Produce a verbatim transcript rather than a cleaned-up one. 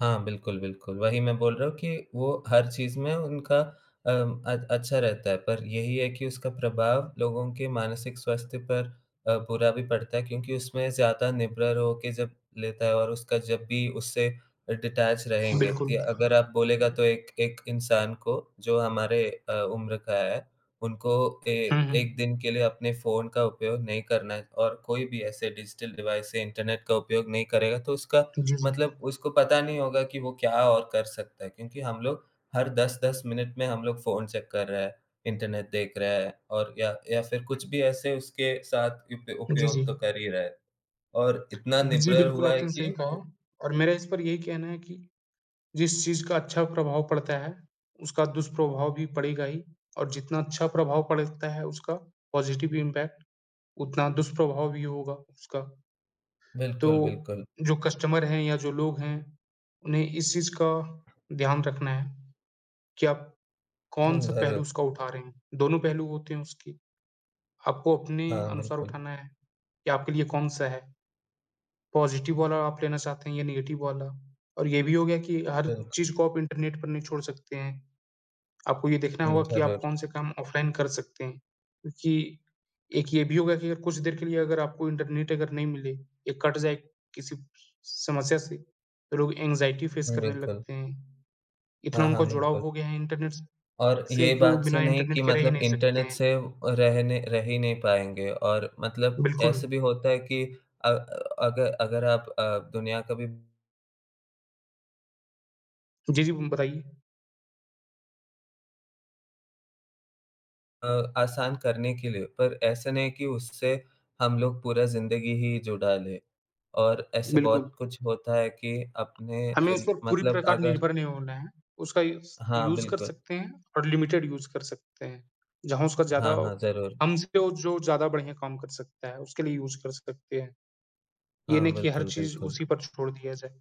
हाँ, बिल्कुल, बिल्कुल। वही मैं बोल रहा हूँ कि वो हर चीज़ में उनका अम, अ, अच्छा रहता है। पर यही है कि उसका प्रभाव लोगों के मानसिक स्वास्थ्य पर अ, बुरा भी पड़ता है क्योंकि उसमें ज़्यादा निर्भर होके जब लेता है और उसका जब भी उससे अ, डिटैच रहेंगे बिल्कुल। ति या अगर आप बोलेगा तो एक एक इंसान को जो हमारे अ, उम्र का है, उनको ए हुँ, एक हुँ। दिन के लिए अपने फ़ोन का उपयोग नहीं करना है और कोई भी ऐसे डिजिटल डिवाइस से इंटरनेट का उपयोग नहीं करेगा तो उसका जी, जी। मतलब उसको पता नहीं होगा कि वो क्या और कर सकता है। क्योंकि हम लोग हर दस दस मिनट में हम लोग फ़ोन चैक कर रहे हैं, इंटरनेट देख रहे हैं और या या फिर कुछ भी ऐसे उसके साथ इप जी, उपयोग जी। तो कर ही रहे हैं। और इतना जी, निर्भर बिल्कुल, हुआ है आपने कि सही कहा। वो और मेरा इस पर यही कहना है कि जिस चीज़ का अच्छा प्रभाव पड़ता है, उसका दुष्प्रभाव भी पड़ेगा ही और जितना अच्छा प्रभाव पड़ता है उसका पॉज़िटिव इंपैक्ट, उतना दुष्प्रभाव भी होगा उसका। बिल्कुल, तो बिल्कुल। जो कस्टमर हैं या जो लोग हैं, उन्हें इस चीज़ का ध्यान रखना है, कि आप हुँ, कौन-सा ज़रूर। पहलू उसका उठा रहे हैं। दोनों पहलू होते हैं उसकी, आपको अपने हाँ, अनुसार बिल्कुल। उठाना है, कि आपके लिए कौन-सा है। पॉज़िटिव वाला आप लेना चाहते हैं या नेगेटिव वाला और ये भी हो गया कि हर बिल्कुल। चीज़ को आप इंटरनेट पर नहीं छोड़ सकते हैं। आपको ये देखना हुँ, होगा हुँ। कि आप ज़रूर। कौन-से काम ऑफलाइन कर सकते हैं, क्योंकि एक ये भी होगा कि अगर कुछ देर के लिए अगर आपको इंटरनेट अगर नहीं मिले या कट जाए किसी स समस्या से तो लोग एंग्ज़ायटी फ़ेस हुँ, करने बिल्कुल। लगते हैं। हाँ, इतना हाँ, उनका जुड़ाव बिल्कुल। हो गया है इंटरनेट स और से ये जो बात से बिना नहीं इंटरनेट कि के रहे ही मतलब नहीं सकते इंटरनेट हैं। से अ, रहने रहे ही नहीं पाएँगे। और मतलब बिल्कुल। ऐसे भी होता है कि अ, अगर अगर आप अ, दुनिया कभी जी, जी। उम, बताइए। अ, आसान करने के लिए। पर ऐसा नहीं कि उससे हम लोग पूरा ज़िंदगी ही जुड़ा लें। और ऐसे बहुत बिल्कुल। कुछ होता है कि अपने हमें इस ज़न पे पूरी मतलब प्रकार अगर निर्भर नहीं होना है। उसका यूज़ हाँ, यूज़ कर बिल्कुल। सकते हैं और लिमिटेड यूज़ कर सकते हैं। जहाँ उसका ज़्यादा हाँ, हाँ, ज़रूर। हमसे वो जो ज़्यादा बढ़िया काम कर सकता है, उसके लिए यूज़ कर सकते हैं। ये हाँ, नहीं कि हर बिल्कुल, चीज़ बिल्कुल। उसी पर छोड़ दिया जाए।